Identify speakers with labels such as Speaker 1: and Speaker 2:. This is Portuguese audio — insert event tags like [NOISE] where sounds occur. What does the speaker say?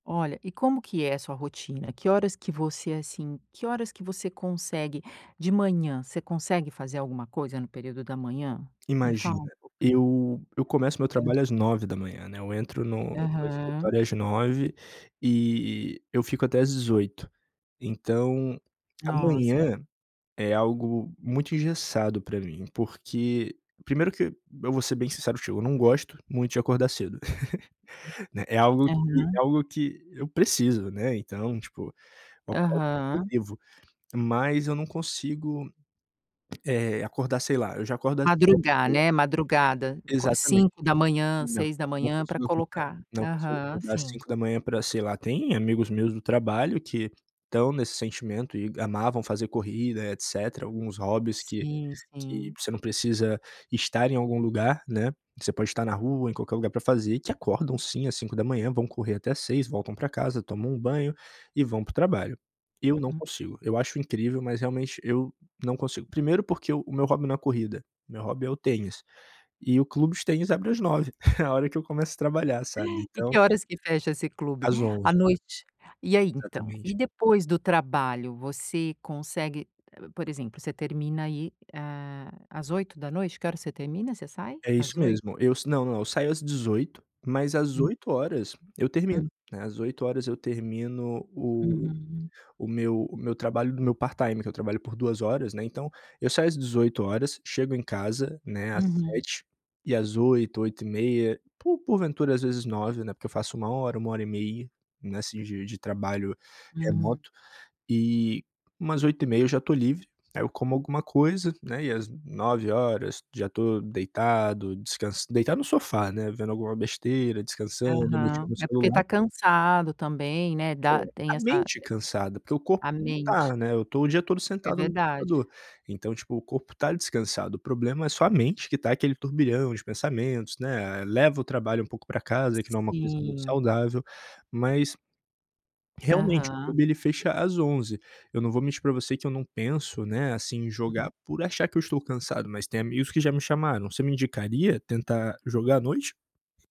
Speaker 1: Olha, e como que é a sua rotina? Que horas que você, assim, que horas que você consegue De manhã? Você consegue fazer alguma coisa no período da manhã? Me fala
Speaker 2: Imagina.
Speaker 1: um pouco.
Speaker 2: Eu eu começo o meu
Speaker 1: Hã.
Speaker 2: trabalho às 9h, né. Eu entro no no
Speaker 1: Aham.
Speaker 2: escritório às 9h e e eu fico até às 18h. Então, a
Speaker 1: Nossa, é
Speaker 2: manhã é algo muito engessado pra mim porque Primeiro que, eu vou ser bem sincero contigo, eu não gosto muito de acordar cedo. [GIGGLES] Né. É algo que
Speaker 1: Aham.
Speaker 2: é algo que eu preciso, né. Então, tipo, eu acordo porque eu
Speaker 1: Aham.
Speaker 2: devo, mas eu não consigo, eh, acordar, sei lá, eu já acordo às sete
Speaker 1: Madrugar,
Speaker 2: e meia.
Speaker 1: né? Madrugada. Qua
Speaker 2: Exatamente.
Speaker 1: 5h,
Speaker 2: Não,
Speaker 1: seis da
Speaker 2: não
Speaker 1: manhã para
Speaker 2: consigo acordar.
Speaker 1: colocar
Speaker 2: Não consigo
Speaker 1: Aham.
Speaker 2: acordar às
Speaker 1: Sim.
Speaker 2: 5h pra, sei lá Tem amigos meus do trabalho que estão nesse sentimento e amavam fazer corrida, etcétera, alguns hobbies que
Speaker 1: Sim,
Speaker 2: que
Speaker 1: sim.
Speaker 2: você não precisa estar em algum lugar, né. Você pode estar na rua, em qualquer lugar pra fazer, e que acordam sim à 5h, vão correr até 6h, voltam pra casa, tomam um banho e vão para o trabalho. Eu não
Speaker 1: Uhum.
Speaker 2: consigo. Eu acho incrível, mas realmente eu não consigo. Primeiro, porque o meu hobby não é corrida. Meu hobby é o tênis. E o clube de tênis abre às 9h [CHUCKLES] A hora que eu começo a trabalhar, sabe.
Speaker 1: [GIGGLES] E
Speaker 2: Então
Speaker 1: que horas que fecha esse clube?
Speaker 2: Às
Speaker 1: À
Speaker 2: 23h.
Speaker 1: noite? E aí, então? E
Speaker 2: Exatamente.
Speaker 1: depois do trabalho? Você consegue P por exemplo, você termina aí, hã, às 20h? Que hora você termina, você sai?
Speaker 2: É isso
Speaker 1: Às 20h?
Speaker 2: mesmo, eu s Não, não. Eu saio às 18h, mas às
Speaker 1: Hum.
Speaker 2: 20h eu
Speaker 1: Hum.
Speaker 2: termino, né. Às 20h eu termino o
Speaker 1: Uhum.
Speaker 2: o meu o meu trabalho no meu part-time que eu trabalho por 2 horas, né. Então, eu saio às 18h, chego em casa, né, às
Speaker 1: Uhum.
Speaker 2: 19h e às 20h, 20:30, por por ventura às vezes 21h, né. Porque eu faço 1 hora, 1 hora e meia nesse dia de trabalho
Speaker 1: Uhum.
Speaker 2: remoto. E umas 20:30 eu já tô livre. Aí eu como alguma coisa, né, e às 21h já tô deitado, descans deitado no sofá, né, vendo alguma besteira, descansando, mexendo
Speaker 1: Aham.
Speaker 2: no
Speaker 1: É porque
Speaker 2: celular.
Speaker 1: tá cansado também, né,
Speaker 2: É.
Speaker 1: da tem
Speaker 2: A
Speaker 1: essa
Speaker 2: mente cansada, porque o corpo
Speaker 1: A
Speaker 2: não
Speaker 1: mente.
Speaker 2: tá, né. Eu tô o dia todo
Speaker 1: É
Speaker 2: sentado no
Speaker 1: verdade.
Speaker 2: computador. Então, tipo, o corpo tá descansado. O problema é só a mente que tá aquele turbilhão de pensamentos, né. Eh, leva o trabalho um pouco pra casa, que não é uma coisa muito
Speaker 1: Sim.
Speaker 2: saudável. Mas, realmente o
Speaker 1: Aham.
Speaker 2: clube ele fecha às 23h Eu não vou mentir pra você que eu não penso, né, assim, em jogar
Speaker 1: Uhum.
Speaker 2: por achar que eu estou cansado. Mas tem amigos que já me chamaram. "Você me indicaria tentar jogar à noite?".